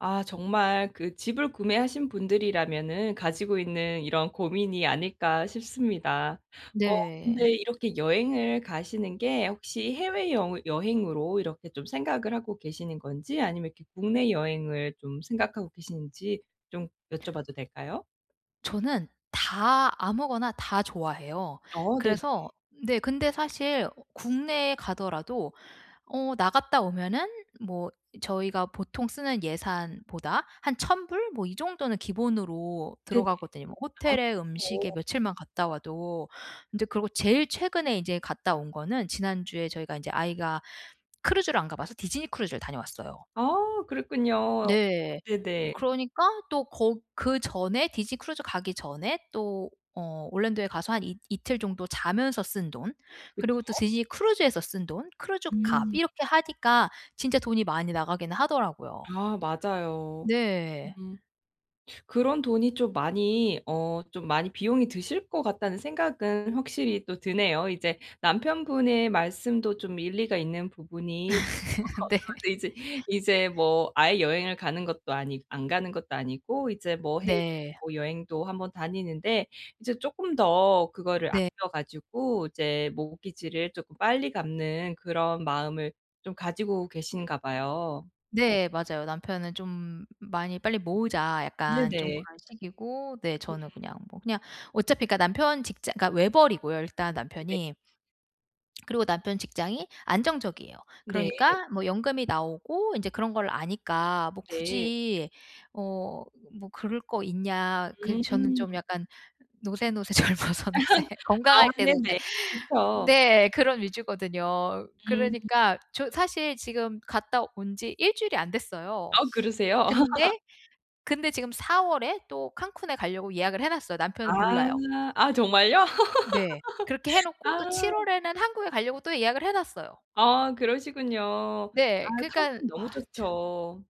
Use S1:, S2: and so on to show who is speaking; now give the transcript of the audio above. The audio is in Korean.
S1: 아 정말 그 집을 구매하신 분들이라면은 가지고 있는 이런 고민이 아닐까 싶습니다. 어
S2: 네.
S1: 근데 이렇게 여행을 가시는 게 혹시 해외여 여행으로 이렇게 좀 생각을 하고 계시는 건지 아니면 이렇게 국내 여행을 좀 생각하고 계시는지 좀 여쭤봐도 될까요?
S2: 저는 다 아무거나 다 좋아해요.
S1: 어 네네.
S2: 그래서 네. 근데 사실 국내에 가더라도 어 나갔다 오면은 뭐 저희가 보통 쓰는 예산보다 한 1000 불 뭐 이 정도는 기본으로
S1: 네네.
S2: 들어가거든요. 뭐
S1: 아
S2: 호텔에 음식에
S1: 그렇죠.
S2: 며칠만 갔다 와도. 근데 그러고 제일 최근에 이제 갔다 온 거는 지난주에 저희가 이제 아이가 크루즈를 안 가봐서 디즈니 크루즈를 다녀왔어요.
S1: 아 그랬군요.
S2: 네.
S1: 네네.
S2: 그러니까 또 거 그 전에 디즈니 크루즈 가기 전에 또 어 올랜도에 가서 한 이틀 정도 자면서 쓴 돈,
S1: 그쵸?
S2: 그리고 또 디즈니 크루즈에서 쓴 돈, 크루즈 값
S1: 음.
S2: 이렇게 하니까 진짜 돈이 많이 나가긴 하더라고요.
S1: 아 맞아요.
S2: 네.
S1: 음 그런 돈이 좀 많이 어 좀 많이 비용이 드실 것 같다는 생각은 확실히 또 드네요. 이제 남편분의 말씀도 좀 일리가 있는 부분이 어
S2: 네.
S1: 네, 이제 이제 뭐 아예 여행을 가는 것도 아니 안 가는 것도 아니고 이제 뭐 해외
S2: 네.
S1: 뭐 여행도 한번 다니는데 이제 쪼끔 더 그거를
S2: 네.
S1: 아껴 가지고 이제 mortgage를 쪼끔 빨리 갚는 그런 마음을 좀 가지고 계신가 봐요.
S2: 네. 맞아요. 남편은 좀 '많이 빨리 모으자.' 약간 좀
S1: 네네.
S2: 그런 식이고 네,
S1: 음.
S2: 저는 그냥 뭐 그냥 어차피 남편 직장 그니까 외벌이고요. 일단
S1: 네.
S2: 남편이. 그리고 남편 직장이 안정적이에요.
S1: 네.
S2: 그러니까 뭐 연금이 나오고 인제 그런 걸 아니까 뭐
S1: 네.
S2: 굳이 어 뭐 그럴 거 있냐. 그 저는
S1: 음.
S2: 좀 약간 '노세노세 젊어서 노세.
S1: 아
S2: 건강할 때 노세.'
S1: 네네. 그렇죠.
S2: 네. 그런 위주거든요.
S1: 음.
S2: 그러니까 저 사실 지금 갔다 온 지 1 주일이 안 됐어요.
S1: 아 그러세요?
S2: 근데, 근데 지금 4 월에 또 칸쿤에 가려고 예약을 해 놨어요.
S1: 아
S2: 남편은 몰라요.
S1: 아 정말요?
S2: 네. 그렇게 해
S1: 아.
S2: 놓고 또 7 월에는 한국에 가려고 또 예약을 해 놨어요.
S1: 아 그러시군요. 아
S2: 네. 그니깐
S1: 칸쿤 너무
S2: 아 참.
S1: 좋죠.